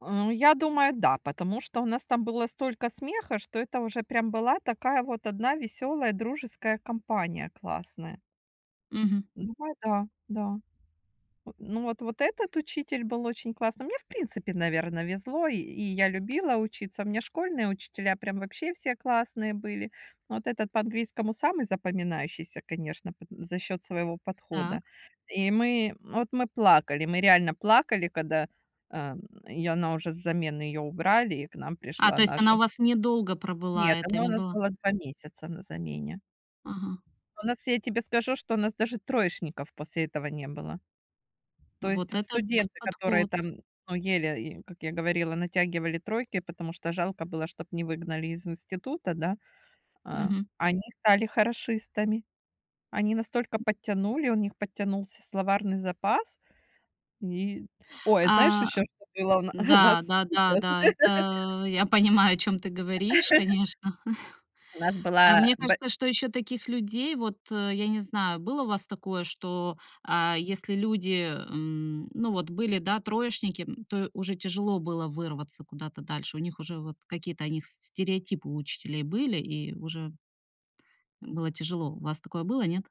А я думаю да, потому что у нас там было столько смеха, что это уже прям была такая вот одна весёлая дружеская компания- классная. Мгм. Ну вай да, да. Э, ну вот вот этот учитель был очень классный. Мне, в принципе, наверно, везло, и и я любила учиться. У меня школьные учителя прям вообще все классные были. Ну вот этот по английскому самый запоминающийся, конечно, пот за счёт своего подхода. Так. И мы, вот мы плакали, мы реально плакали, когда, ам, и она уже с замены её убрали, и к нам А, пришла то есть она наша. у вас недолго пробыла, Нет, это она у не нас было была 2 месяца на замене. Ага. У нас, я тебе скажу, что у нас даже троечников после этого не было. То есть Вот в этот студенты, которые подход. там, ну, еле и как я говорила, натягивали тройки, потому что жалко было, чтобы не выгнали из института, да? А, Мгм. они стали хорошистами. Они настолько подтянули, у них подтянулся словарный запас. Ни ой, а т знаешь, А, ещё что было у на у н-да, нас да да сейчас? да, это я понимаю, о чём ты говоришь, конечно. У нас А была мне бэ кажется, что ещё таких людей, вот, э, я не знаю, было у вас такое, что, а, если люди, м, ну, вот были, да, троечники, м, то уже тяжело было вырваться куда-то дальше? У них уже вот какие-то о них с стереотипы у учителей были, и уже м, было тяжело. У вас такое было, нет?